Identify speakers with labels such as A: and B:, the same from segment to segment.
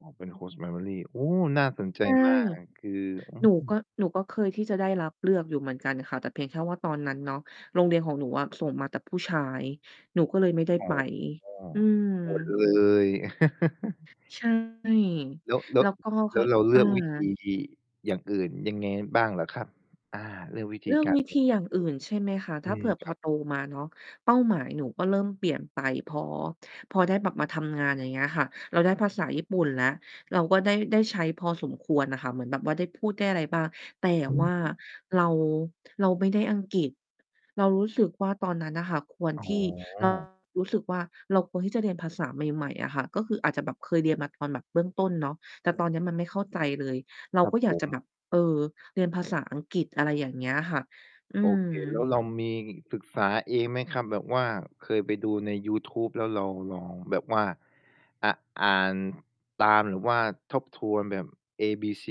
A: อ๋อ เป็น Host Family โอ้ น่าสนใจ
B: ใช่
A: มาก คือ อื
B: หนูก็
A: ม
B: หนูก็เคยที่จะได้รับเลือกอยู่เหมือนกันค่ะ แต่เพียงแค่ว่าตอนนั้นเนาะ โรงเรียนของหนูอะส่งมาแต่ผู้ชาย หนูก็เลยไม่ได้
A: อ๋อ
B: ไป อืม
A: อดเลย
B: ใช่
A: แล้ว แล้
B: แล
A: ว
B: ้วก็เ
A: แ
B: ข
A: ล้
B: า
A: วเราเล
B: อ
A: ื
B: า
A: อกวิธีอย่างอื่นยังไงบ้างเหรอครับ? อา เลือกวิธ
B: เ
A: ี
B: รื่อง
A: การ
B: วิ
A: อ
B: ธ
A: ย่
B: ี
A: าง
B: อ
A: อ
B: ย่างอ
A: ื
B: ื
A: ่
B: ่
A: น
B: นใช่ไหมคะ?
A: ๆ
B: ถ
A: อื
B: ้าเผ
A: ม
B: ื่อพ
A: คร
B: อ
A: ับ
B: โตมาเนาะ เป้าหมายหนูก็เริ่มเปลี่ยนไป พอ พอได้แบบมาทำงาน อย่างเงี้ยอะค่ะ เราได้ภาษาญี่ปุ่นแล้ว เราก็ได้ ได้ใช้พอสมควรน่ะค่ะ เหมือนแบบว่าได้พูดได้อะไรบ้าง แต่
A: อ
B: ว่า
A: ืม
B: เรา เราไม่ได้อังกฤษ เรารู้สึกว่าตอนนั้นน่ะค่ะ ควร
A: อ๋
B: ที่ [unintelligible]
A: อ
B: รู้สึกว่าเราควรที่จะเรียนภาษาใหม่ ๆ อะค่ะ ก็คืออาจจะแบบเคยเรียนมาตอนแบบเบื้องต้นเนาะ แต่ตอนเนี้ยมันไม่เข้าใจเลย เรา
A: ครั
B: ก
A: บ
B: ็อย
A: ผ
B: ากจะแ
A: ม
B: บบ เออ เรียนภาษาอังกฤษ อะไรอย่างเงี้ยค่ะ อื
A: โอ
B: ม
A: เค แล้วเรามีศึกษาเองไหมครับ? แบบว่าเคยไปดูในยูทูบ แล้วเราลองแบบว่า อะ อ่านตาม หรือว่าทบทวนแบบ ABC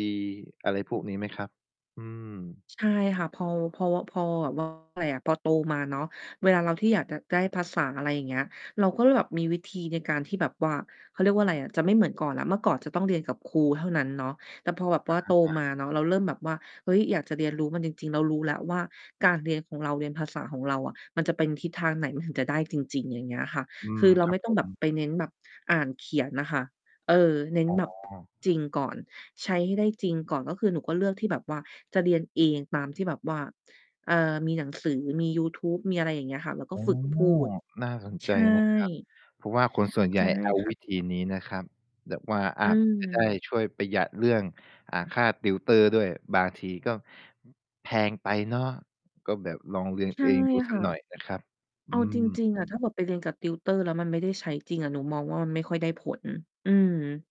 A: อะไรพวกนี้ไหมครับ? อืม
B: ใช่ค่ะ เพา เพา ว พอแบบ ว่า ว่าไรอะ พอโตมาเนาะ เวลาเราที่อยากจะได้ภาษา อะไรอย่างเงี้ย เราก็เลยแบบมีวิธีในการที่แบบว่า เขาเรียกว่าไรอะ จะไม่เหมือนก่อนแล้ว เมื่อก่อนจะต้องเรียนกับครูเท่านั้นเนาะ แต่พอแบบว่าโต
A: อา
B: มา
A: ๆ
B: เนาะ เราเริ่มแบบว่า เฮ้ย อยากจะเรียนรู้มันจริง ๆ เรารู้แล้วว่าการเรียนของเรา เรียนภาษาของเราอะ มันจะเป็นทิศทางไหน มันถึงจะได้จริง ๆ อย่างเงี้ยอะค่ะ
A: อื
B: ค
A: ม
B: ือเรา
A: ครั
B: ไม
A: บ
B: ่ต้
A: ผ
B: องแบบ
A: ม
B: ไปเน้นแบบอ่านเขียนอะค่ะ เออ เน้
A: อ
B: น
A: ๋
B: แบบ
A: อ
B: จริงก่อน ใช้ให้ได้จริงก่อน ก็คือหนูก็เลือกที่แบบว่าจะเรียนเอง ตามที่แบบว่า เอ่อ มีหนังสือ มียูทูบ มีอะไรอย่างเงี้ยค่ะ แล้วก
A: อ
B: ็
A: ๋อ
B: ฝึกพูด
A: น่าสน
B: ใ
A: ใ
B: ช
A: จนะครับ
B: ่
A: เพราะว่าคนส่วนใ
B: ใ
A: ห
B: ช
A: ญ่
B: ่
A: เอา
B: ค่
A: ว
B: ะ
A: ิธีนี้นะครับ แบบว่า
B: อ
A: อ
B: ื
A: าจจะได้
B: ม
A: ช่วยประหยัดเรื่อง อ่า ค่า tutor ด้วย บางทีก็ แพงไปเนาะ ก็แบบลองเรียน
B: ใช่
A: เองดูส
B: ค
A: ั
B: ่
A: ก
B: ะ
A: หน่อยนะครับ อ
B: เอ
A: ื
B: าจ
A: ม
B: ริง ๆ อะ ถ้าแบบไปเรียนกับ tutor แล้วมันไม่ได้ใช้จริงอะ หนูมองว่ามันไม่ค่อยได้ผล อืม